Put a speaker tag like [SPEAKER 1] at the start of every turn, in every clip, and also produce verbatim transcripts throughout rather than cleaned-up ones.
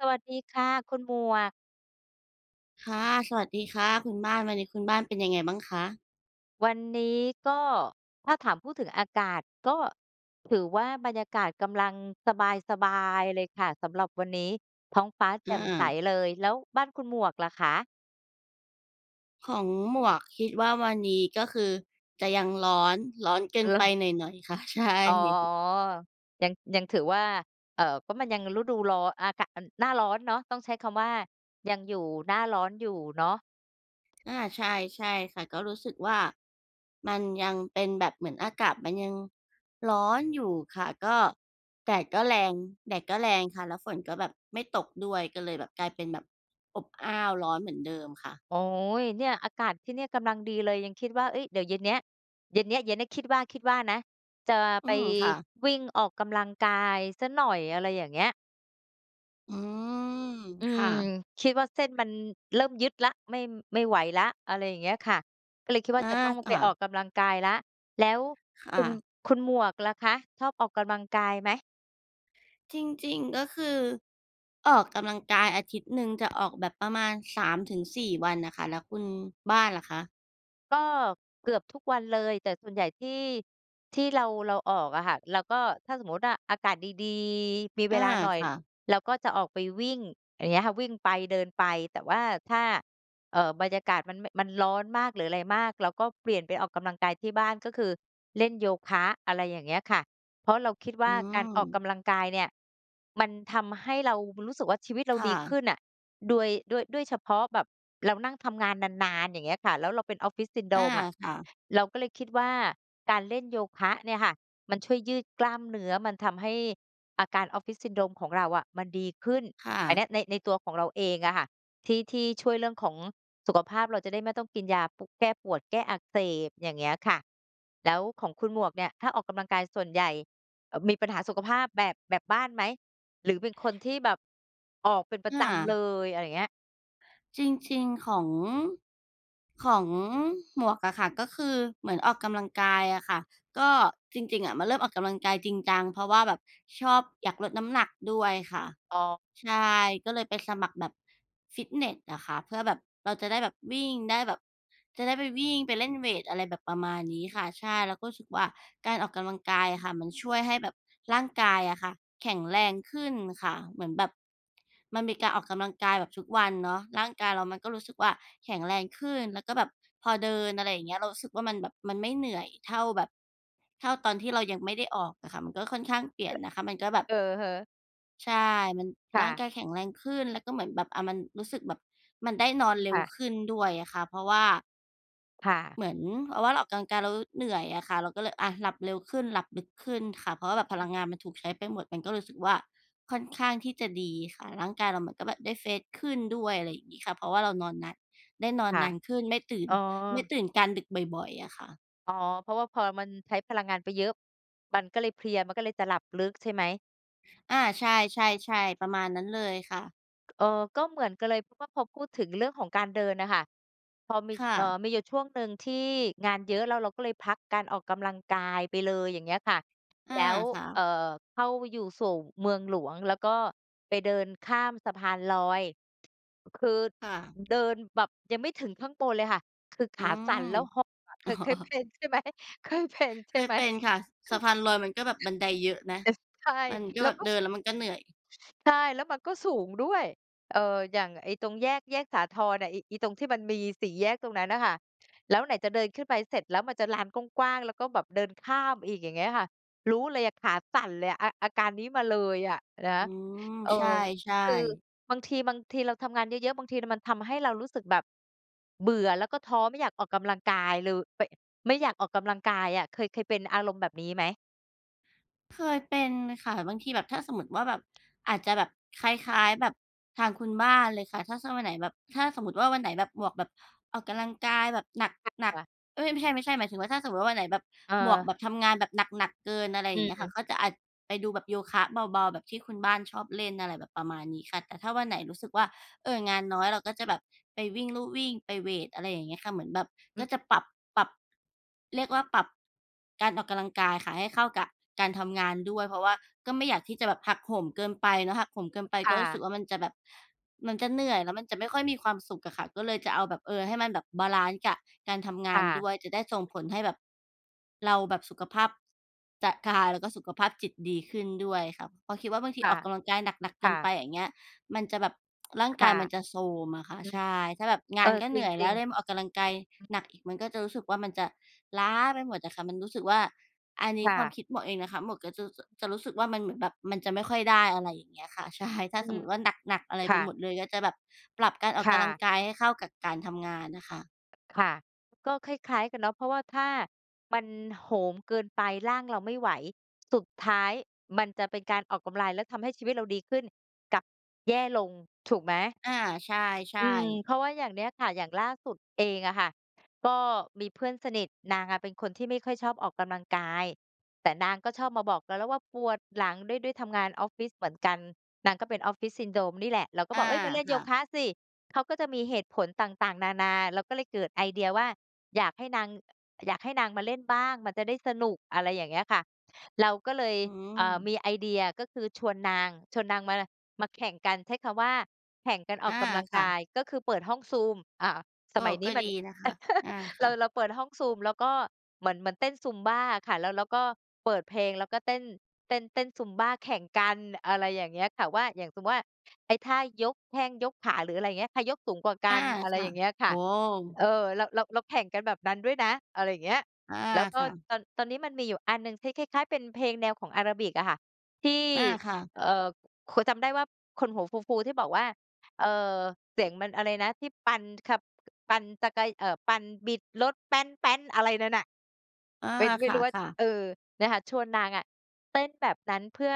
[SPEAKER 1] สวัสดีค่ะคุณหมวก
[SPEAKER 2] ค่ะ สวัสดีค่ะคุณบ้าน วันนี้คุณบ้านเป็นยังไงบ้างคะ?
[SPEAKER 1] วันนี้ก็ ถ้าถาม พูดถึงอากาศ ก็ถือว่าบรรยากาศกำลังสบาย ๆ เลยค่ะสำหรับวันนี้ ท้องฟ้าแจ
[SPEAKER 2] อ
[SPEAKER 1] ่มใส
[SPEAKER 2] า
[SPEAKER 1] เลย แล้วบ้านคุณหมวกล่ะคะ?
[SPEAKER 2] ของหมวกคิดว่าวันนี้ก็คือจะยังร้อน ร้อนเกิ
[SPEAKER 1] เอ
[SPEAKER 2] นไ
[SPEAKER 1] อ
[SPEAKER 2] ป
[SPEAKER 1] ล
[SPEAKER 2] หน่อย ๆ ค่ะ ใช่
[SPEAKER 1] อ๋อ ยัง ยังถือว่า เอ่อ ก็มันยังฤดูร้อน อากะมัน หน้าร้อนเนาะ ต้องใช้คำว่ายังอยู่หน้าร้อนอยู่เนาะ
[SPEAKER 2] อา ใช่ ใช่ค่ะ ก็รู้สึกว่ามันยังเป็นแบบเหมือนอากาศมันยังร้อนอยู่ค่ะ ก็แดดก็แรง แดดก็แรงค่ะ แล้วฝนก็แบบไม่ตกด้วย ก็เลยแบบกลายเป็นแบบอบอ้าว ร้อนเหมือนเดิมค่ะ
[SPEAKER 1] โอ๊ย เนี่ย อากาศที่เนี่ยกำลังดีเลย ยังคิดว่า เอ๊ย! เดี๋ยวเย็นเนี้ย เย็นเนี้ย เย็นเนี้ย คิดว่า คิดว่านะ จะ
[SPEAKER 2] อื
[SPEAKER 1] ไป
[SPEAKER 2] ม ค่ะ
[SPEAKER 1] วิ่งออกกำลังกายสักหน่อย อะไรอย่างเงี้ย
[SPEAKER 2] อืม
[SPEAKER 1] อื
[SPEAKER 2] ค่
[SPEAKER 1] ม
[SPEAKER 2] ะๆ
[SPEAKER 1] คิดว่าเส้นมันเริ่มยึดแล้ว ไม่ ไม่ไหวแล้ว อะไรอย่างเงี้ยค่ะ ก็เลยคิดว
[SPEAKER 2] อ
[SPEAKER 1] ่า
[SPEAKER 2] า
[SPEAKER 1] จะต้อง
[SPEAKER 2] ค
[SPEAKER 1] ไป
[SPEAKER 2] ่
[SPEAKER 1] ออ
[SPEAKER 2] ะ
[SPEAKER 1] กกำลังกายแล้ว แล้ว
[SPEAKER 2] ค
[SPEAKER 1] ค
[SPEAKER 2] ่
[SPEAKER 1] ุณ
[SPEAKER 2] ะ
[SPEAKER 1] คุณหมวกล่ะคะชอบออกกำลังกายไหม?
[SPEAKER 2] จริง ๆ ก็คือ ออกกำลังกายอาทิตย์หนึ่งจะออกแบบประมาณ สามถึงสี่ วันน่ะค่ะ แล้วคุณบ้านล่ะคะ?
[SPEAKER 1] ก็เกือบทุกวันเลย แต่ส่วนใหญ่ที่ ที่เรา เราออกอะค่ะ เราก็ถ้าสมมุติว่าอากาศดี ๆ มี
[SPEAKER 2] เ
[SPEAKER 1] เ
[SPEAKER 2] อ
[SPEAKER 1] ว
[SPEAKER 2] อ
[SPEAKER 1] ลาหน่อย
[SPEAKER 2] ค่ะ
[SPEAKER 1] เราก็จะออกไปวิ่ง อย่างเงี้ยค่ะ วิ่งไปเดินไป แต่ว่าถ้า เอ่อ บรรยากาศมัน มันร้อนมาก หรืออะไรมาก เราก็เปลี่ยนไปออกกำลังกายที่บ้าน ก็คือเล่นโยคะ อะไรอย่างเงี้ยค่ะ เพราะเราคิดว
[SPEAKER 2] อ
[SPEAKER 1] ่
[SPEAKER 2] ื
[SPEAKER 1] า การออกก
[SPEAKER 2] ม
[SPEAKER 1] ำลังกายเนี่ย มันทำให้เรารู้สึกว่า ชีวิตเรา
[SPEAKER 2] ค่
[SPEAKER 1] ดีข
[SPEAKER 2] ะ
[SPEAKER 1] ึ้นอะ โดย ด้วย ด้วยเฉพาะแบบเรานั่งทำงานนาน ๆ อย่างเงี้ยค่ะ แล้วเราเป็น Office
[SPEAKER 2] อา
[SPEAKER 1] Syndrome อะ
[SPEAKER 2] ค่ะ
[SPEAKER 1] เราก็เลยคิดว่า การเล่นโยคะเนี่ยค่ะ มันช่วยยืดกล้ามเนื้อ มันทำให้อาการ Office Syndrome ของเราอะ มันดีขึ้น
[SPEAKER 2] ค่
[SPEAKER 1] อันเน
[SPEAKER 2] ะ
[SPEAKER 1] ี้ยใน ในตัวของเราเองอะค่ะ ที่ ที่ช่วยเรื่องของสุขภาพ เราจะได้ไม่ต้องกินยา ปุ แก้ปวด แก้อักเสบ อย่างเงี้ยค่ะ แล้วของคุณหมวกเนี่ย ถ้าออกกำลังกายส่วนใหญ่ เอ่อ มีปัญหาสุขภาพแบบ แบบบ้านไหม หรือเป็นคนที่แบบออกเป็นปร
[SPEAKER 2] อ
[SPEAKER 1] ะจำ
[SPEAKER 2] า
[SPEAKER 1] เลย อะไรอย่างเงี้ย?
[SPEAKER 2] จริง ๆ ของ ของหมวกอะค่ะ ก็คือเหมือนออกกำลังกายอะค่ะ ก็จริง ๆ อะมันเริ่มออกกำลังกายจริงจัง เพราะว่าแบบชอบ อยากลดน้ำหนักด้วยค่ะ
[SPEAKER 1] อ๋อ
[SPEAKER 2] ใช่ ก็เลยไปสมัครแบบฟิตเนสอะค่ะ เพื่อแบบเราจะได้แบบวิ่งได้แบบ จะได้ไปวิ่งไปเล่นเวต อะไรแบบประมาณนี้ค่ะ ใช่ เราก็รู้สึกว่า การออกกำลังกายอะค่ะ มันช่วยให้แบบร่างกายอะค่ะ แข็งแรงขึ้นค่ะ เหมือนแบบมันมีการออกกำลังกายแบบทุกวันเนาะ ร่างกายเรามันก็รู้สึกว่า แข็งแรงขึ้นแล้วก็แบบพอเดิน อะไรอย่างเงี้ย เรารู้สึกว่า มันแบบ มันไม่เหนื่อยเท่าแบบเท่าตอนที่เรายังไม่ได้ออกอะค่ะ มันก็ค่อนข้างเปลี
[SPEAKER 1] อ
[SPEAKER 2] ่
[SPEAKER 1] ื
[SPEAKER 2] ยน
[SPEAKER 1] อ
[SPEAKER 2] นะคะ มันก็แบบ
[SPEAKER 1] อือฮึ
[SPEAKER 2] ใช่ มัน
[SPEAKER 1] ค่
[SPEAKER 2] ร่าง
[SPEAKER 1] ะ
[SPEAKER 2] กายแข็งแรงขึ้นก็เหมือนแบบ อ่า มันรู้สึกแบบมันได้นอนเร็
[SPEAKER 1] ค
[SPEAKER 2] ว
[SPEAKER 1] ่ะ
[SPEAKER 2] ขึ้นด้วยอะค่ะ เพราะว่า
[SPEAKER 1] ค่ะ
[SPEAKER 2] เหมือนว่า เราออกกำลังกายเราเหนื่อยอะค่ะ เราก็เลยอะ หลับเร็วขึ้นหลับลึกขึ้นค่ะ เพราะว่าแบบพลังงานมันถูกใช้ไปหมด มันก็รู้สึกว่า ค่อนข้างที่จะดีค่ะ ร่างกายเราก็แบบได้ เฟรช ขึ้นด้วย อะไรอย่างงี้ค่ะ เพราะว่าเรานอนนาน ได้นอน
[SPEAKER 1] ค่ะ
[SPEAKER 2] นานขึ้น ไม่ตื่น
[SPEAKER 1] อ๋อ
[SPEAKER 2] ไม่ตื่นการดึกบ่อย ๆ อะค่ะ
[SPEAKER 1] อ๋อ เพราะว่าพอมันใช้พลังงานไปเยอะ มันก็เลยเพลีย มันก็เลยจะหลับลึกใช่ไหม?
[SPEAKER 2] อา ใช่ ๆ ๆ ประมาณนั้นเลยค่ะ
[SPEAKER 1] เอ่อ ก็เหมือนกันเลย เพราะว่าพอพูดถึงเรื่องของการเดินอะค่ะ พอมี
[SPEAKER 2] ค่
[SPEAKER 1] เอ่อ
[SPEAKER 2] ะ
[SPEAKER 1] มีอยู่ช่วงหนึ่งที่งานเยอะแล้วเราก็เลยพักการออกกำลังกายไปเลย อย่างเงี้ยค่ะ
[SPEAKER 2] อ
[SPEAKER 1] แ
[SPEAKER 2] า
[SPEAKER 1] ล้ว
[SPEAKER 2] ค่
[SPEAKER 1] เอ่
[SPEAKER 2] ะ
[SPEAKER 1] อ เข้าอยู่ สู่เมืองหลวง แล้วก็ไปเดินข้ามสะพานลอย คือ
[SPEAKER 2] ค่ะ
[SPEAKER 1] เดินแบบยังไม่ถึงข้างบนเลยค่ะ คือข
[SPEAKER 2] อื
[SPEAKER 1] าสั่น แล้วหอบอะ เค
[SPEAKER 2] ม
[SPEAKER 1] ย เคยเป็นใช่ไหม เคยเป็นใช
[SPEAKER 2] เค
[SPEAKER 1] ่
[SPEAKER 2] ย
[SPEAKER 1] ไหม?
[SPEAKER 2] เป็นค่ะ ส สะพานลอยมันก็แบบบันไดเยอะนะ
[SPEAKER 1] เออ ใช่
[SPEAKER 2] มันก็
[SPEAKER 1] แล้
[SPEAKER 2] แบ
[SPEAKER 1] ว
[SPEAKER 2] บ
[SPEAKER 1] ก็
[SPEAKER 2] เดิ
[SPEAKER 1] ส
[SPEAKER 2] นแล้วมันก็เหนื่อย
[SPEAKER 1] ใช่ แล้วมันก็สูงด้วย เอ่อ อย่างไอ้ตรงแยก แยกสาทรอะ ไอ้ ไอ้ตรงที่มันมีสีแยกตรงนั้นน่ะค่ะ แล้วไหนจะเดินขึ้นไปเสร็จแล้วมันจะลานกว้าง ๆ แล้วก็แบบเดินข้ามอีก อย่างเงี้ยอะค่ะ รู้เลยอะขาสั่นเลยอะ อา อาการนี้มาเลยอะนะ
[SPEAKER 2] อืม
[SPEAKER 1] เออ
[SPEAKER 2] ใช่
[SPEAKER 1] คือ
[SPEAKER 2] ๆ
[SPEAKER 1] บางที บางทีเราทำงานเยอะ ๆ บางทีน่ะมันทำให้เรารู้สึกแบบเบื่อ แล้วก็ท้อไม่อยากออกกำลังกายเลย ไป ไม่อยากออกกำลังกายอะ เคย เคยเป็นอารมณ์แบบนี้ไหม?
[SPEAKER 2] เคยเป็นค่ะ บางทีแบบ ถ้าสมมุติว่าแบบ อาจจะแบบคล้าย ๆ แบบทางคุณบ้านเลยค่ะ ถ้า ถ้าวันไหนแบบ ถ้าสมมุติว่า วันไหนแบบหมวกแบบออกกำลังกายแบบหนัก
[SPEAKER 1] [unintelligible]
[SPEAKER 2] ๆ เอ๊ย! ไม่ใช่ ไม่ใช่ หมายถึงว่า ถ้าสมมุติว่า วันไหนแบบ
[SPEAKER 1] เ
[SPEAKER 2] หมวกแ
[SPEAKER 1] ออ
[SPEAKER 2] บบทำงานแบบหนัก ๆ เกิน อะไร
[SPEAKER 1] อ
[SPEAKER 2] อ
[SPEAKER 1] ื
[SPEAKER 2] ย่างเงี้ยค่ะ
[SPEAKER 1] ม
[SPEAKER 2] ก็จะอาจไปดูแบบโยคะเบา ๆ แบบที่คุณบ้านชอบเล่น อะไรแบบประมาณนี้ค่ะ แต่ถ้าวันไหนรู้สึกว
[SPEAKER 1] อ
[SPEAKER 2] ่า
[SPEAKER 1] ืม
[SPEAKER 2] เอ่อ งานน้อย เราก็จะแบบไปวิ่งลู่วิ่ง ไปเวต อะไรอย่างเงี้ยค่ะ เหมือนแบบ
[SPEAKER 1] อ
[SPEAKER 2] ก
[SPEAKER 1] ือ
[SPEAKER 2] ็จะปรับ ปรับ เรียกว่า ปรับการออกกำลังกายค่ะให้เข้ากับการทำงานด้วย เพราะว่าก็ไม่อยากที่จะแบบหักโหมเกินไปเนาะ หักโหมเกินไป
[SPEAKER 1] ค
[SPEAKER 2] ก
[SPEAKER 1] ่
[SPEAKER 2] ็รู้สึก
[SPEAKER 1] ะ
[SPEAKER 2] ว่า มันจะแบบ มันจะเหนื่อย แล้วมันจะไม่ค่อยมีความสุขอะค่ะ ก็เลยจะเอาแบบ เออ ให้มันแบบบาลันซ์กับการทำง
[SPEAKER 1] ค
[SPEAKER 2] า
[SPEAKER 1] ่
[SPEAKER 2] น
[SPEAKER 1] ะ
[SPEAKER 2] ด้วย จะได้ส่งผลให้แบบเราแบบสุขภาพจะ กาย แล้วก็สุขภาพจิตดีขึ้นด้วยค่ะ เพราะคิดว่า บางท
[SPEAKER 1] ค
[SPEAKER 2] ี
[SPEAKER 1] ่
[SPEAKER 2] ออ
[SPEAKER 1] ะ
[SPEAKER 2] กกำลังกายหนัก ๆ เ
[SPEAKER 1] ค
[SPEAKER 2] กิ
[SPEAKER 1] ่
[SPEAKER 2] น
[SPEAKER 1] ะ
[SPEAKER 2] ไป อย่างเงี้ย มันจะแบบ ร่าง
[SPEAKER 1] ค
[SPEAKER 2] กา
[SPEAKER 1] ่
[SPEAKER 2] ย
[SPEAKER 1] ะ
[SPEAKER 2] มันจะโทรมอะค่ะ
[SPEAKER 1] อื
[SPEAKER 2] ใช
[SPEAKER 1] ม
[SPEAKER 2] ่ ถ้าแบบง
[SPEAKER 1] เอ
[SPEAKER 2] า
[SPEAKER 1] อ
[SPEAKER 2] นก็เ
[SPEAKER 1] จ
[SPEAKER 2] หนื่อยแล
[SPEAKER 1] ร
[SPEAKER 2] ้
[SPEAKER 1] ิ
[SPEAKER 2] ว
[SPEAKER 1] ง
[SPEAKER 2] แล้วมาอ
[SPEAKER 1] ๆ
[SPEAKER 2] อกกำลังกาย
[SPEAKER 1] อืม
[SPEAKER 2] หนักอีก มันก็จะรู้สึกว่า มันจะล้าไปหมดอะค่ะ มันรู้สึกว่า อันนี้
[SPEAKER 1] ค่
[SPEAKER 2] ความ
[SPEAKER 1] ะ
[SPEAKER 2] คิดหมวกเองนะคะ หมวกก็จะ จ จะรู้สึกว่า มันเหมือนแบบมันจะไม่ค่อยได้ อะไรอย่างเงี้ยค่ะ ใช่ ถ้า
[SPEAKER 1] อื
[SPEAKER 2] สม
[SPEAKER 1] ม
[SPEAKER 2] มุติว่า หนัก ๆ อะไร
[SPEAKER 1] ค
[SPEAKER 2] ไป
[SPEAKER 1] ่
[SPEAKER 2] หม
[SPEAKER 1] ะ
[SPEAKER 2] ดเลย ก็จะแบบปรับการออ
[SPEAKER 1] ค
[SPEAKER 2] กก
[SPEAKER 1] ่
[SPEAKER 2] ำลัง
[SPEAKER 1] ะ
[SPEAKER 2] กายให้เข้ากับการทำงานอะค่ะ
[SPEAKER 1] ค่ะ ก็คล้าย ๆ กันเนาะ เพราะว่า ถ้ามันโหมเกินไปร่างเราไม่ไหว สุดท้ายมันจะเป็นการออกกำลาย แล้วทำให้ชีวิตเราดีขึ้น กลับแย่ลง ถูกไหม?
[SPEAKER 2] อา ใช
[SPEAKER 1] อ
[SPEAKER 2] ่
[SPEAKER 1] ืม
[SPEAKER 2] ๆ
[SPEAKER 1] เพราะว่าอย่างเนี้ยค่ะ อย่างล่าสุดเองอะค่ะ ก็มีเพื่อนสนิท นางอะเป็นคนที่ไม่ค่อยชอบออกกำลังกาย แต่นางก็ชอบมาบอกเราแล้วว่า "ปวดหลัง" ด้วย ด้วยทำงานออฟฟิศเหมือนกัน นางก็เป็น office syndrome นี่แหละ เราก็
[SPEAKER 2] อ
[SPEAKER 1] บ
[SPEAKER 2] า
[SPEAKER 1] อก "เฮ้ย! มาเล่น
[SPEAKER 2] ค
[SPEAKER 1] โย
[SPEAKER 2] ่ะ
[SPEAKER 1] คะสิ" เขาก็จะมีเหตุผลต่าง ๆ นานา เราก็เลยเกิดไอเดียว่า อยากให้นาง อยากให้นางมาเล่นบ้าง มันจะได้สนุก อะไรอย่างเงี้ยค่ะ เราก็เลย
[SPEAKER 2] อื
[SPEAKER 1] เอ่อ ม
[SPEAKER 2] ม
[SPEAKER 1] ีไอเดีย ก็คือชวนนาง ชวนนางมาไร มาแข่งกัน ใช้คำว่าแข่งกันอ
[SPEAKER 2] อ
[SPEAKER 1] อก
[SPEAKER 2] า
[SPEAKER 1] กำลัง
[SPEAKER 2] ค่
[SPEAKER 1] ก
[SPEAKER 2] ะ
[SPEAKER 1] าย ก็คือเปิดห้อง Zoom อ่า ส
[SPEAKER 2] โอ้!
[SPEAKER 1] มัยน
[SPEAKER 2] ก
[SPEAKER 1] ี้
[SPEAKER 2] ็
[SPEAKER 1] ม
[SPEAKER 2] ด
[SPEAKER 1] ั
[SPEAKER 2] ี
[SPEAKER 1] น
[SPEAKER 2] นะคะ อา
[SPEAKER 1] เ
[SPEAKER 2] ค
[SPEAKER 1] รา
[SPEAKER 2] ่ะ
[SPEAKER 1] เราเปิดห้อง Zoom แล้วก็ เหมือน เหมือนเต้น Zumba อะค่ะ แล้ว แล้วก็เปิดเพลง แล้วก็เต้น เต้น เต้น Zumba แข่งกัน อะไรอย่างเงี้ยค่ะว่า อย่างสมซุม ว่า ไอ้ท่ายกแข้ง ยกขา หรืออะไรอย่างเงี้ย ใครยกสูงกว่าก
[SPEAKER 2] อ
[SPEAKER 1] ั
[SPEAKER 2] า
[SPEAKER 1] น อะไร
[SPEAKER 2] ค่
[SPEAKER 1] อ
[SPEAKER 2] ะ
[SPEAKER 1] ย่างเงี้ยค
[SPEAKER 2] โอ
[SPEAKER 1] ่
[SPEAKER 2] ้
[SPEAKER 1] ะ เออ เรา เรา เราแข่งกันแบบนั้นด้วยนะ อะไรเงี้ย
[SPEAKER 2] อา
[SPEAKER 1] แล้วก็
[SPEAKER 2] ค่ะ
[SPEAKER 1] ตอน ตอนนี้มันมีอยู่อันหนึ่งที่คล้าย ๆ เป็นเพลงแนวของอะราบิก อะค่ะ ที่
[SPEAKER 2] อา ค่ะ
[SPEAKER 1] เอ่อ ขัวจำได้ว่า คนหัวฟู ๆ ที่บอกว่า เอ่อ เสียงมันอะไรนะ ที่ปั่น ท ขับ ปั่นจักไก เอ่อ ปั่น บิดรถ อะไรนั่นน่ะ
[SPEAKER 2] อา
[SPEAKER 1] เป็น ไม
[SPEAKER 2] ค
[SPEAKER 1] ่รู้ว่า
[SPEAKER 2] ่ะ ๆ
[SPEAKER 1] เออ เนี่ยค่ะ ชวนนางอะ เต้นแบบนั้นเพื่อ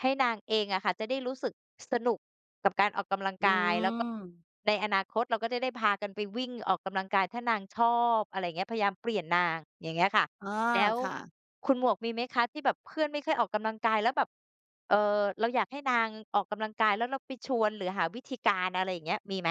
[SPEAKER 1] ให้นางเองอะค่ะ จะได้รู้สึกสนุกกับการออกกำลัง
[SPEAKER 2] อื
[SPEAKER 1] กาย แล้วก็
[SPEAKER 2] ม
[SPEAKER 1] ในอนาคตเราก็จะได้พากันไปวิ่งออกกำลังกาย ถ้านางชอบ อะไรเงี้ย พยายามเปลี่ยนนาง อย่างเงี้ยค่ะ
[SPEAKER 2] อ๋อ
[SPEAKER 1] แด๊ว
[SPEAKER 2] ค่ะ
[SPEAKER 1] คุณหมวกมีไหมคะที่แบบเพื่อนไม่ค่อยออกกำลังกาย แล้วแบบ เอ่อ เราอยากให้นางออกกำลังกาย แล้วเราไปชวนหรือหาวิธีการ อะไรเงี้ย มีไหม?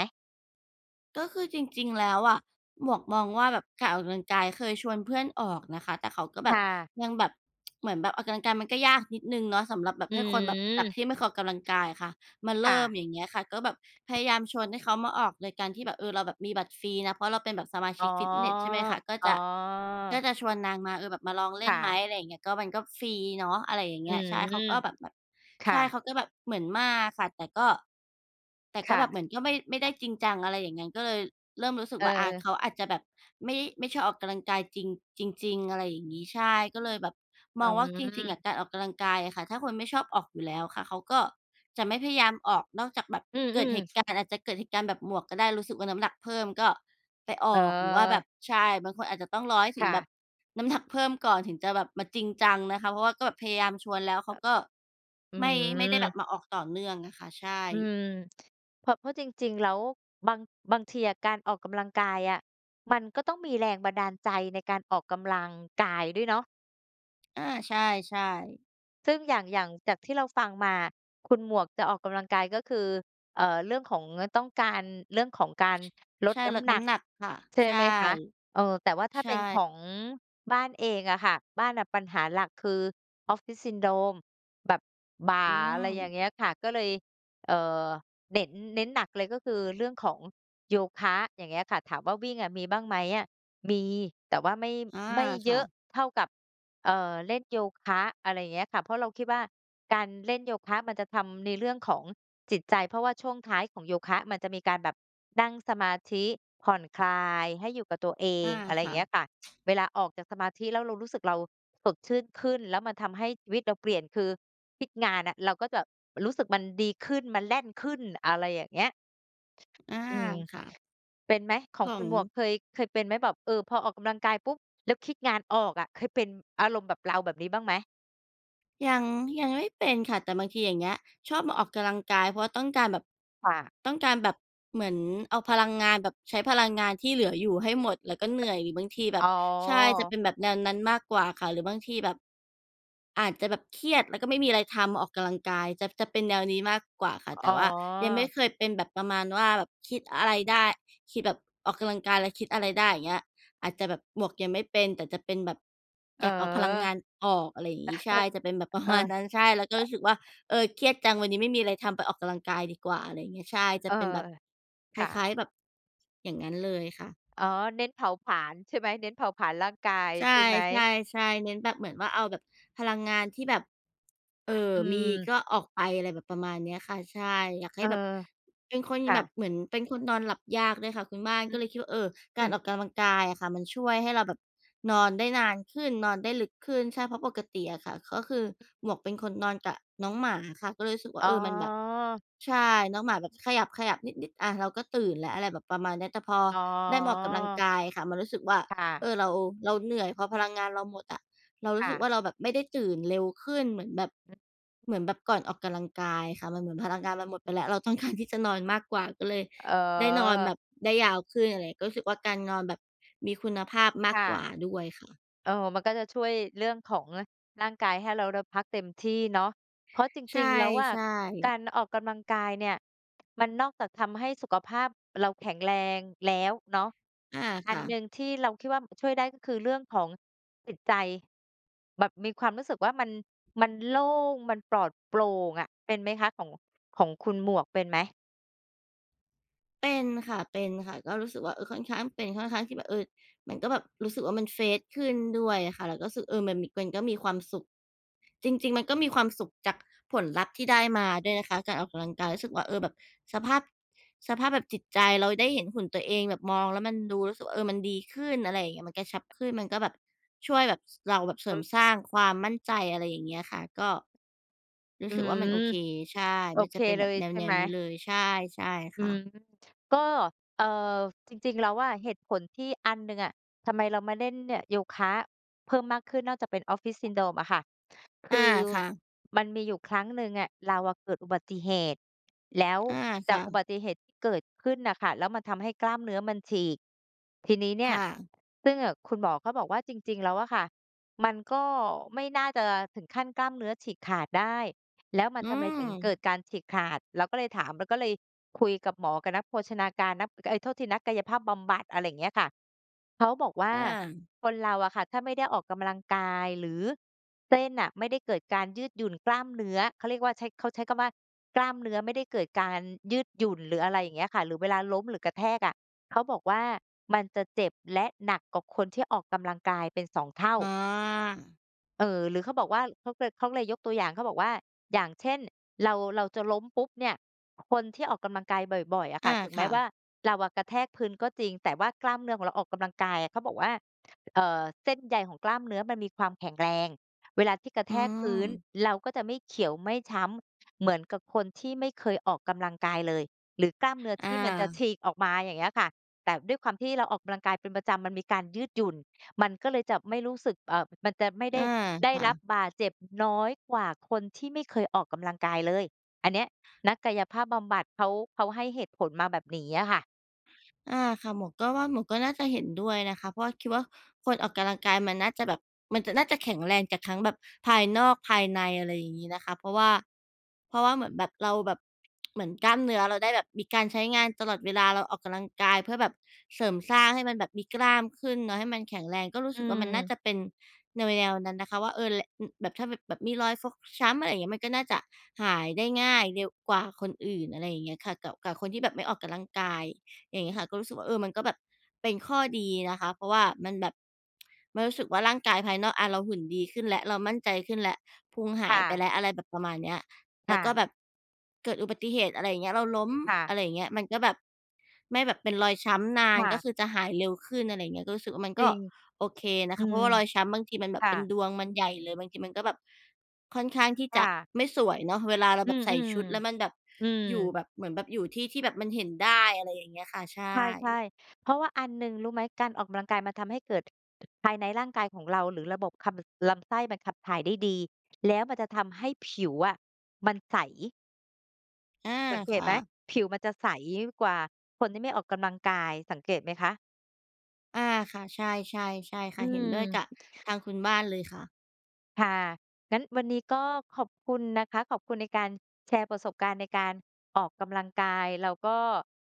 [SPEAKER 2] ก็คือจริง ๆ แล้วอะ หมวกมองว่า แบบการออกกำลังกาย เคยชวนเพื่อนออกนะคะ แต่เขาก็แ
[SPEAKER 1] ค
[SPEAKER 2] บ
[SPEAKER 1] ่
[SPEAKER 2] บ
[SPEAKER 1] ะ
[SPEAKER 2] ยังแบบ เหมือนแบบออกกำลังกายมันก็ยากนิดหนึ่งเนาะ สำหรับแบบ
[SPEAKER 1] อื
[SPEAKER 2] ให้คนแบบ
[SPEAKER 1] ม
[SPEAKER 2] จากที่ไม่เคยออกกำลังกายอะค่ะมา
[SPEAKER 1] ค
[SPEAKER 2] เร
[SPEAKER 1] ่ะ
[SPEAKER 2] ิ่ม อย่างเงี้ยค่ะ ก็แบบพยายามชวนให้เขามาออกโดยการที่แบบ เออ เราแบบมีบัตรฟรีนะ เพราะเราเป็นแบบสมาช
[SPEAKER 1] อ๋
[SPEAKER 2] ิ
[SPEAKER 1] อ
[SPEAKER 2] กฟิตเนส ใช่ไหมคะ ก็
[SPEAKER 1] อ๋
[SPEAKER 2] จะ ก็
[SPEAKER 1] อ
[SPEAKER 2] จะชวนนางมา เออ แบบมาลองเล
[SPEAKER 1] ค
[SPEAKER 2] ่
[SPEAKER 1] ่
[SPEAKER 2] นไหม
[SPEAKER 1] ะ
[SPEAKER 2] อะไรอย่างเงี้ย ก็มันก็ฟรีเนาะ อะไรอย่างเ
[SPEAKER 1] อ
[SPEAKER 2] ง
[SPEAKER 1] ื
[SPEAKER 2] ี้ย ใช่ เขา
[SPEAKER 1] ม
[SPEAKER 2] ก็แบบ แบบ
[SPEAKER 1] ค
[SPEAKER 2] ใ
[SPEAKER 1] ่
[SPEAKER 2] ช่
[SPEAKER 1] ะ
[SPEAKER 2] เขาก็แบบเหมือนมาค่ะ แต่ก็ แต่ก
[SPEAKER 1] ค
[SPEAKER 2] ็
[SPEAKER 1] ่
[SPEAKER 2] แบบเหมือนก็ไม่ ไม่ได้
[SPEAKER 1] ะ
[SPEAKER 2] จริงจัง อะไรอย่างงั้น ก็เลยเริ่มรู้สึก
[SPEAKER 1] เ
[SPEAKER 2] ว่า อา
[SPEAKER 1] ออ
[SPEAKER 2] เขาอาจจะแบบไม่ ไม่ชอบออกกำลังกายจริง จริง ๆ อะไรอย่างงี้ ใช่ ก็เลยแบบ
[SPEAKER 1] อ
[SPEAKER 2] ม
[SPEAKER 1] ื
[SPEAKER 2] องว่า จริง ๆ อ
[SPEAKER 1] ม
[SPEAKER 2] ะ การออกกำลังกายอะค่ะ ถ้าคนไม่ชอบออกอยู่แล้วค่ะ เขาก็จะไม่พยายามออกนอกจากแบบ
[SPEAKER 1] อื
[SPEAKER 2] เกิด
[SPEAKER 1] ม
[SPEAKER 2] เหต
[SPEAKER 1] ๆ
[SPEAKER 2] ุการณ์ อาจจะเกิดเหตุการณ์แบบหมวกก็ได้ รู้สึกว่า น้ำาหนักเพิ่มก็ไปอ
[SPEAKER 1] เ
[SPEAKER 2] อก หรือว่าแบ
[SPEAKER 1] ออ
[SPEAKER 2] บ ใช่ บางคนอาจจะต้องรอให้ถ
[SPEAKER 1] ค
[SPEAKER 2] ึง
[SPEAKER 1] ่
[SPEAKER 2] แบ
[SPEAKER 1] ะ
[SPEAKER 2] บ น้ำหนัก เพิ่มก่อนถึงจะแบบมาจริงจังนะคะ เพราะว่าก็แบบพยายามชวนแล้ว เข
[SPEAKER 1] อ
[SPEAKER 2] าก็
[SPEAKER 1] อื
[SPEAKER 2] ไม่ ไม่ได้แบ
[SPEAKER 1] ม
[SPEAKER 2] บมาออกต่อเนื่องอะค่ะ ใช่
[SPEAKER 1] อืม เพราะ เพราะจริง ๆ แล้ว บาง บางทีอะการออกกำลังกายอะ มันก็ต้องมีแรงบันดาลใจในการออกกำลังกายด้วยเนาะ
[SPEAKER 2] อา ใช่ ๆ
[SPEAKER 1] ซึ่งอย่าง อย่างจากที่เราฟังมาคุณหมวกจะออกกำลังกายก็คือ เอ่อ เรื่องของ อ ต้องการ เรื่องของการล
[SPEAKER 2] ใ
[SPEAKER 1] ด
[SPEAKER 2] ช่
[SPEAKER 1] น้
[SPEAKER 2] ลด
[SPEAKER 1] ำหน
[SPEAKER 2] น้
[SPEAKER 1] ัก
[SPEAKER 2] ำหนักค่ะ
[SPEAKER 1] ใช่
[SPEAKER 2] ใช่
[SPEAKER 1] ไหมคะ? เออ แต่ว่าถ้า
[SPEAKER 2] ใช
[SPEAKER 1] เป็นข
[SPEAKER 2] ่
[SPEAKER 1] องบ้านเองอะค่ะ บ้านน่ะปัญหาหลักคือ Office Syndrome แบบบ่า
[SPEAKER 2] อื
[SPEAKER 1] อะไรอย่าง
[SPEAKER 2] ม
[SPEAKER 1] เงี้ยค่ะ ก็เลย เอ่อ เน้น เน้นหนักเลย ก็คือเรื่องของโยคะ อย่างเงี้ยค่ะ ถามว่าวิ่งอะมีบ้างไหมอะ มีแต่ว่าไม่ข
[SPEAKER 2] อา
[SPEAKER 1] ไม่เ
[SPEAKER 2] ค
[SPEAKER 1] ย
[SPEAKER 2] ่
[SPEAKER 1] อะ
[SPEAKER 2] ะ
[SPEAKER 1] เท่ากับ เอ่อ เล่นโยคะ อะไรอย่างเงี้ยค่ะ เพราะเราคิดว่าการเล่นโยคะมันจะทำในเรื่องของจิตใจ เพราะว่าช่วงท้ายของโยคะมันจะมีการแบบนั่งสมาธิผ่อนคลายให้อยู่กับตัวเอ
[SPEAKER 2] อา
[SPEAKER 1] ง อะไร
[SPEAKER 2] ค่ะ
[SPEAKER 1] เงี้ยค่ะ เวลาออกจากสมาธิ แล้วเรารู้สึก เราสดชื่นขึ้น แล้วมันทำให้ชีวิตเราเปลี่ยน คือคิดงานอะ เราก็จะรู้สึกมันดีขึ้นมันแล่นขึ้น อะไรอย่างเงี้ย
[SPEAKER 2] อา
[SPEAKER 1] อืม
[SPEAKER 2] ค่ะ
[SPEAKER 1] เป็นไหม ของคุณหมวก
[SPEAKER 2] ของ
[SPEAKER 1] เคย เคยเป็นไหมแบบ เออ พอออกกำลังกายปุ๊บ แล้วคิดงานออกอะ เคยเป็นอารมณ์แบบเราแบบนี้บ้างไหม?
[SPEAKER 2] ยัง ยังไม่เป็นค่ะ แต่บางทีอย่างเงี้ย ชอบมาออกกำลังกาย เพราะว่าต้องการแบบ
[SPEAKER 1] ค่ะ
[SPEAKER 2] ต้องการแบบ เหมือนเอาพลังงานแบบใช้พลังงานที่เหลืออยู่ให้หมดแล้วก็เหนื่อย หรือบางทีแบ
[SPEAKER 1] อ๋
[SPEAKER 2] บ ใช่ จะเป
[SPEAKER 1] อ
[SPEAKER 2] ็นแบบแนวนั้นมากกว่าค่ะ หรือบางทีแบบ อาจจะแบบเครียดแล้วก็ไม่มีอะไรทำ ออกกำลังกาย จะ จะเป็นแนวนี้มากกว่าค่ะ
[SPEAKER 1] อ
[SPEAKER 2] แต
[SPEAKER 1] ๋
[SPEAKER 2] ่
[SPEAKER 1] อ
[SPEAKER 2] ว่ายังไม่เคยเป็นแบบประมาณว่าแบบคิดอะไรได้ คิดแบบ ออกกำลังกายและคิดอะไรได้ อย่างเงี้ย อาจจะแบบ หมวกยังไม่เป็น แต่จะเป็นแบบ
[SPEAKER 1] เอ
[SPEAKER 2] อ
[SPEAKER 1] อ
[SPEAKER 2] ยากเอาพลังงานออก อะไรอย่างงี้ ใช่ จะเป็นแบบประ
[SPEAKER 1] เออ
[SPEAKER 2] มาณนั้น ใช่ แล้วก็รู้สึกว่า เออ เครียดจังวันนี้ไม่มีอะไรทำ ไปออกกำลังกายดีกว่า อะไรอย่างเงี้ย ใช่ จะ
[SPEAKER 1] เออ
[SPEAKER 2] เป็นแบบค
[SPEAKER 1] ค่
[SPEAKER 2] ล
[SPEAKER 1] ะ
[SPEAKER 2] ้าย ๆ แบบ อย่างงั้นเลยค่ะ
[SPEAKER 1] อ๋อ เน้นเผาผลาญใช่ไหม เน้นเผาผลาญร่างกาย
[SPEAKER 2] ใช
[SPEAKER 1] ใช่
[SPEAKER 2] ่
[SPEAKER 1] ไหม?
[SPEAKER 2] ๆ ๆ เน้นแบบ เหมือนว่าเอาแบบพลังงานที่แบบ เออ
[SPEAKER 1] อ
[SPEAKER 2] มี
[SPEAKER 1] ืม
[SPEAKER 2] ก็ออกไป อะไรแบบประมาณนี้ค่ะ ใช่ อยากใ
[SPEAKER 1] เ
[SPEAKER 2] ห้
[SPEAKER 1] ออ
[SPEAKER 2] แบบ เป็นคน
[SPEAKER 1] ค่
[SPEAKER 2] แบบ
[SPEAKER 1] ะ
[SPEAKER 2] เหมือนเป็นคนนอนหลับยากด้วยค่ะคุณบ้าน
[SPEAKER 1] อื
[SPEAKER 2] ก็
[SPEAKER 1] อ
[SPEAKER 2] เลยคิดว่า เออ ก
[SPEAKER 1] อื
[SPEAKER 2] ารอ
[SPEAKER 1] ม
[SPEAKER 2] อกกำลังกายอะค่ะมันช่วยให้เราแบบนอนได้นานขึ้น นอนได้ลึกขึ้น ใช่ เพราะปกติอะค่ะก็คือหมวกเป็นคนนอนกับน้องหมาค่ะ ก็เลยรู้สึกว่า
[SPEAKER 1] อ๋
[SPEAKER 2] เออ มันแบบ
[SPEAKER 1] อ
[SPEAKER 2] ใช่ น้องหมาแบบขยับ ๆ นิด ๆ อา เราก็ตื่นแล้ว อะไรแบบประมาณนี้ แต่พอ
[SPEAKER 1] อ๋
[SPEAKER 2] ได้มาออกกำลัง
[SPEAKER 1] อ
[SPEAKER 2] กายค่ะมันรู้สึกว่า
[SPEAKER 1] ค่ะ
[SPEAKER 2] เออ เรา เราเหนื่อย พอพลังงานเราหมดอะเราร
[SPEAKER 1] ค
[SPEAKER 2] ู้
[SPEAKER 1] ่
[SPEAKER 2] สึก
[SPEAKER 1] ะ
[SPEAKER 2] ว่าเราแบบไม่ได้ตื่นเร็วขึ้น เหมือนแบบ เหมือนแบบก่อนออกกำลังกายค่ะมันเหมือนพลังกายมาหมดไปแล้ว เรา ต้องการ ที่จะนอนมากกว่า ก็เลย
[SPEAKER 1] อ๋
[SPEAKER 2] ได้นอนแ
[SPEAKER 1] อ
[SPEAKER 2] บบได้ยาวขึ้น อะไรงี้ ก็รู้สึกว่าการนอนแบบมีคุณภาพมา
[SPEAKER 1] ค
[SPEAKER 2] ก
[SPEAKER 1] ่ะ
[SPEAKER 2] กว่าด้วยค่ะ
[SPEAKER 1] เออ มันก็จะช่วยเรื่องของร่างกายให้เรา ด พักเต็มที่เนาะ เพราะจ
[SPEAKER 2] ใช
[SPEAKER 1] ริง ๆ แล้วอะ
[SPEAKER 2] ่
[SPEAKER 1] ก
[SPEAKER 2] ๆ
[SPEAKER 1] ารออกกำลังกายเนี่ยมันนอกจากทำให้สุขภาพเราแข็งแรงแล้วเนาะ
[SPEAKER 2] อา
[SPEAKER 1] อ
[SPEAKER 2] ค
[SPEAKER 1] ัน
[SPEAKER 2] ่
[SPEAKER 1] หนึ
[SPEAKER 2] ะ
[SPEAKER 1] ่งที่เราคิดว่า ม ช่วยได้ก็คือเรื่องของจิตใจ แบบมีความรู้สึกว่ามัน มันโล่ง มันปลอดโปร่งอะ เป็นไหมคะ ของ ของคุณหมวกเป็นไหม?
[SPEAKER 2] เป็นค่ะ ๆ ก็รู้สึกว่า เออ ค่อนข้างเป็น ค่อนข้างที่แบบ เออ มันก็แบบรู้สึกว่ามัน เฟรช ขึ้นด้วยอะค่ะ แล้วก็สึก เออ มันมี มันก็มีความสุข จริง ๆ มันก็มีความสุขจากผลลัพธ์ที่ได้มาด้วยนะคะ การออกกำลังกาย รู้สึกว่า เออ แบบสภาพ สภาพแบบจิตใจ เราได้เห็นหุ่นตัวเอง แบบมองแล้วมันดู รู้สึกว่า เออ มันดีขึ้น อะไรอย่างเงี้ย มันกระชับขึ้น มันก็แบบช่วยแบบเราแบบเสร
[SPEAKER 1] อ
[SPEAKER 2] ิมส
[SPEAKER 1] ืม
[SPEAKER 2] ร้างความมั่นใจ อะไรอย่างเงี้ยค่ะ ก็รู
[SPEAKER 1] อื
[SPEAKER 2] ้
[SPEAKER 1] ้อ
[SPEAKER 2] สึก
[SPEAKER 1] ฮื
[SPEAKER 2] ว
[SPEAKER 1] อ
[SPEAKER 2] ่ามันโอเค ใช่
[SPEAKER 1] โอ
[SPEAKER 2] มัน
[SPEAKER 1] เค
[SPEAKER 2] จะเป็น
[SPEAKER 1] เล
[SPEAKER 2] แบบ
[SPEAKER 1] ย
[SPEAKER 2] แ
[SPEAKER 1] ใช่
[SPEAKER 2] น
[SPEAKER 1] ไห
[SPEAKER 2] ว
[SPEAKER 1] ม?
[SPEAKER 2] ๆ นี้เลย ใช่ ใช่
[SPEAKER 1] อ
[SPEAKER 2] ค
[SPEAKER 1] ื
[SPEAKER 2] ่
[SPEAKER 1] ม
[SPEAKER 2] ะ
[SPEAKER 1] ก็ เอ่อ จริง ๆ แล้วอะ เหตุผลที่อันหนึ่งอะทำไมเรามาเล่นเนี่ยโยคะเพิ่มมากขึ้น นอกจากจะเป็น Office Syndrome อะค่ะ ค
[SPEAKER 2] อา
[SPEAKER 1] ือ
[SPEAKER 2] ค่ะ
[SPEAKER 1] มันมีอยู่ครั้งหนึ่งอะ เราอะเกิดอุบัติเหตุ แล้ว
[SPEAKER 2] อา
[SPEAKER 1] จ
[SPEAKER 2] ค
[SPEAKER 1] า
[SPEAKER 2] ่
[SPEAKER 1] กอุบ
[SPEAKER 2] ะ
[SPEAKER 1] ัติเหตุที่เกิดขึ้นอะค่ะ แล้วมันทำให้กล้ามเนื้อมันฉีก ที่นี้เนี
[SPEAKER 2] ค
[SPEAKER 1] ่ย
[SPEAKER 2] ่ะ
[SPEAKER 1] ซึ่ง อ คุณหมอเขาบอกว่า จริง ๆ แล้วอะค่ะมันก็ไม่น่าจะถึงขั้นกล้ามเนื้อฉีกขาดได้ แล้วมัน
[SPEAKER 2] อื
[SPEAKER 1] ทำไมถึงเกิด
[SPEAKER 2] ม
[SPEAKER 1] การฉีกขาด เราก็เลยถาม เราก็เลยคุยกับหมอ กับนักโภชนาการ นัก เอ๊ย โทษที นักกายภาพบำบัด อะไรอย่างเงี้ยค่ะ เขาบอกว่
[SPEAKER 2] อ
[SPEAKER 1] า
[SPEAKER 2] า
[SPEAKER 1] คนเราอะค่ะถ้าไม่ได้ออกกำลังกาย หรือเส้นน่ะไม่ได้เกิดการยืดหยุ่นกล้ามเนื้อ เขาเรียกว่าใช้ เขาใช้คำว่า "กล้ามเนื้อไม่ได้เกิดการยืดหยุ่น" หรืออะไรอย่างเงี้ยค่ะ หรือเวลาล้ม หรือกระแทกอะ เขาบอกว่ามันจะเจ็บ และหนักกว่าคนที่ออกกำลังกายเป็น สอง เท่า
[SPEAKER 2] อ๋อ
[SPEAKER 1] เออ หรือเขาบอกว่า เขาเคย เขาก็เลยยกตัวอย่าง เขาบอกว่า อย่างเช่น เรา เราจะล้มปุ๊บเนี่ย คนที่ออกกำลังกายบ่อย ๆ อะค
[SPEAKER 2] อ
[SPEAKER 1] ่ะ
[SPEAKER 2] า
[SPEAKER 1] ถึง
[SPEAKER 2] ค
[SPEAKER 1] แม
[SPEAKER 2] ่
[SPEAKER 1] ้ว
[SPEAKER 2] ะ
[SPEAKER 1] ่าเราอะกระแทกพื้นก็จริง แต่ว่ากล้ามเนื้อของเราออกกำลังกายอะ เขาบอกว่า เอ่อ เส้นใยของกล้ามเนื้อมันมีความแข็งแรงเวลาที่กระ
[SPEAKER 2] อ
[SPEAKER 1] แ
[SPEAKER 2] ื
[SPEAKER 1] ทกพื้น
[SPEAKER 2] ม
[SPEAKER 1] เราก็จะไม่เขียวไม่ช้ำเหมือนกับคนที่ไม่เคยออกกำลังกายเลย หรือกล้ามเนื้อ
[SPEAKER 2] อ
[SPEAKER 1] ที่มันจะฉ
[SPEAKER 2] า
[SPEAKER 1] ีกออกมา อย่างเงี้ยค่ะ แต่ด้วยความที่เราออกกำลังกายเป็นประจำมันมีการยืดหยุ่น มันก็เลยจะไม่รู้สึก เอ่อ มันจะไม่
[SPEAKER 2] เ
[SPEAKER 1] ไ
[SPEAKER 2] อ
[SPEAKER 1] ด้
[SPEAKER 2] อ
[SPEAKER 1] ได้
[SPEAKER 2] ค่
[SPEAKER 1] รับ
[SPEAKER 2] ะ
[SPEAKER 1] บาดเจ็บน้อยกว่าคนที่ไม่เคยออกกำลังกายเลย อันเนี้ยนักกายภาพบำบัดเขา เขาให้เหตุผลมาแบบนี้อะค่ะ
[SPEAKER 2] อา ค่ะ หมวกก็ว่าหมวกก็น่าจะเห็นด้วยนะคะ เพราะว่า คิดว่าคนออกกำลังกายมันน่าจะแบบ มันจะ น่าจะแข็งแรงจากทั้งแบบภายนอกภายใน อะไรอย่างงี้นะคะ เพราะว่า เพราะว่าเหมือนแบบเราแบบ เหมือนกล้ามเนื้อเราได้แบบมีการใช้งานตลอดเวลา เราออกกำลังกายเพื่อแบบเสริมสร้างให้มันแบบมีกล้ามขึ้นเนาะ ให้มันแข็งแรง ก็รู้
[SPEAKER 1] อ
[SPEAKER 2] สึกว่ามันน่า
[SPEAKER 1] ืม
[SPEAKER 2] จะเป็นแนว ๆ นั้นนะคะว่า เออ แร อ แบบ ถ้าแบบมีรอยฟกช้ำ อะไรอย่างเงี้ย มันก็น่าจะหายได้ง่ายเร็วกว่าคนอื่น อะไรอย่างเงี้ยค่ะ กับ กับคนที่แบบไม่ออกกำลังกาย อย่างเงี้ยค่ะ ก็รู้สึกว่า เออ มันก็แบบเป็นข้อดีนะคะ เพราะว่ามันแบบ มันรู้สึกว่าร่างกายภายนอก อา เราหุ่นดีขึ้นแล้ว เรามั่นใจขึ้นแล้ว พุงห
[SPEAKER 1] ค
[SPEAKER 2] า
[SPEAKER 1] ่
[SPEAKER 2] ยไป
[SPEAKER 1] ะ
[SPEAKER 2] แล้ว อะไรแบบประมาณเนี้ย แ
[SPEAKER 1] ค
[SPEAKER 2] ล้
[SPEAKER 1] ่
[SPEAKER 2] วก็
[SPEAKER 1] ะ
[SPEAKER 2] แบบเกิดอุบัติเหตุอะไรอย่างเงี้ย เราล้ม
[SPEAKER 1] ค่ะ
[SPEAKER 2] อะไรอย่างเงี้ย มันก็แบบไม่แบบเป็นรอยช้ำนา
[SPEAKER 1] ค
[SPEAKER 2] น
[SPEAKER 1] ่
[SPEAKER 2] ก็
[SPEAKER 1] ะ
[SPEAKER 2] คือจะหายเร็วขึ้น อะไรอย่างเงี้ย ก็รู้สึกว่ามัน
[SPEAKER 1] จ
[SPEAKER 2] ก
[SPEAKER 1] ร
[SPEAKER 2] ็
[SPEAKER 1] ิง
[SPEAKER 2] โอเคน
[SPEAKER 1] อ
[SPEAKER 2] ะ
[SPEAKER 1] ื
[SPEAKER 2] คะ เพราะ
[SPEAKER 1] ม
[SPEAKER 2] ว่ารอยช้ำบางทีมันแบ
[SPEAKER 1] ค
[SPEAKER 2] บ
[SPEAKER 1] ่
[SPEAKER 2] เป็น
[SPEAKER 1] ะ
[SPEAKER 2] ดวงมันใหญ่เลย บางทีมันก็แบบค่อนข้างที่
[SPEAKER 1] ค
[SPEAKER 2] จ
[SPEAKER 1] ่
[SPEAKER 2] ะ
[SPEAKER 1] ะ
[SPEAKER 2] ไม่สวยเนาะ เวลาเรา
[SPEAKER 1] อื
[SPEAKER 2] แบบ
[SPEAKER 1] ม
[SPEAKER 2] ใส่ชุด แล้วมันแบบ
[SPEAKER 1] ๆ อืม
[SPEAKER 2] อยู่แบบ เหมือนแบบอยู่ที่ที่แบบมันเห็นได้ อะไรอย่างเงี้ยค่ะ ใช
[SPEAKER 1] ใ
[SPEAKER 2] ่
[SPEAKER 1] ช่ ๆ เพราะว่าอันหนึ่งรู้ไหม การออกกำลังกายมันทำให้เกิด ภายในร่างกายของเรา หรือระบบขับ บ ลำไส้มันขับถ่ายได้ดี แล้วมันจะทำให้ผิวอะมันใส
[SPEAKER 2] อา
[SPEAKER 1] สังเก
[SPEAKER 2] ค
[SPEAKER 1] ต
[SPEAKER 2] ่
[SPEAKER 1] ไหม
[SPEAKER 2] ะ
[SPEAKER 1] ผิวมันจะใสกว่าคนที่ไม่ออกกำลังกาย สังเกตไหมคะ?
[SPEAKER 2] อา ค่ะ ใช่ ๆ ใช่ค
[SPEAKER 1] อื
[SPEAKER 2] ่ะ เห็น
[SPEAKER 1] ม
[SPEAKER 2] ด้วยกับทางคุณบ้านเลยค่ะ
[SPEAKER 1] ค่ะ งั้นวันนี้ก็ขอบคุณนะคะ ขอบคุณในการแชร์ประสบการณ์ในการออกกำลังกาย เราก็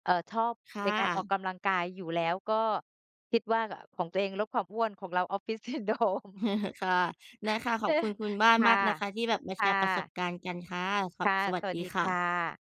[SPEAKER 1] เอ่อ ชอบ
[SPEAKER 2] ค่
[SPEAKER 1] ในการออก
[SPEAKER 2] ะ
[SPEAKER 1] กำลังกายอยู่แล้ว ก็คิดว่า ก ของตัวเองลดความอ้วน ของเรา Office Syndrome
[SPEAKER 2] ค่ะ ได้ค่ะ ขอบคุณคุณบ้าน
[SPEAKER 1] ค่
[SPEAKER 2] ม
[SPEAKER 1] ะ
[SPEAKER 2] ากนะคะ ที่แบบมา
[SPEAKER 1] ค
[SPEAKER 2] แช
[SPEAKER 1] ่
[SPEAKER 2] ร์ประสบ
[SPEAKER 1] ะ
[SPEAKER 2] การณ์กันค่ะ ส
[SPEAKER 1] ค่ะ
[SPEAKER 2] สวั
[SPEAKER 1] ส
[SPEAKER 2] ส
[SPEAKER 1] วั
[SPEAKER 2] ด
[SPEAKER 1] ส
[SPEAKER 2] ี
[SPEAKER 1] ดี
[SPEAKER 2] ค
[SPEAKER 1] ค
[SPEAKER 2] ่
[SPEAKER 1] ่
[SPEAKER 2] ะ
[SPEAKER 1] ะ